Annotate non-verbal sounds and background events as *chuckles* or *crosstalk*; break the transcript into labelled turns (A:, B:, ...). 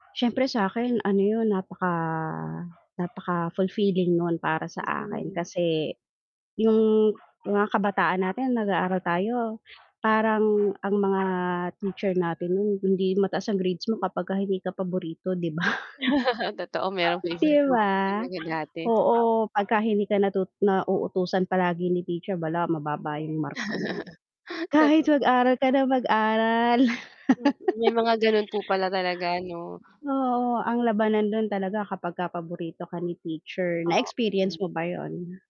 A: Syempre sa akin ano yun, napaka napaka-fulfilling nun para sa akin
B: Mm.
A: kasi yung mga kabataan natin nag aaral tayo parang ang mga teacher natin noon hindi mataas ang grades mo kapag hindi ka paborito, 'di ba?
B: *laughs* Totoo merong
A: *chuckles* 'Di
B: favoritism
A: ba?
B: talaga dati.
A: Oo, 'pagka hindi ka natu nauutusan palagi ni teacher bala mababa yung marka mo.
B: *laughs*
A: Kahit
B: Totoo.
A: mag-aral ka na mag-aral.
B: Mm, may
A: *laughs*
B: mga ganun po pala talaga, 'no?
A: Oo, ang labanan dun talaga kapagka paborito ka ni teacher, na experience
B: oo.
A: mo ba yun?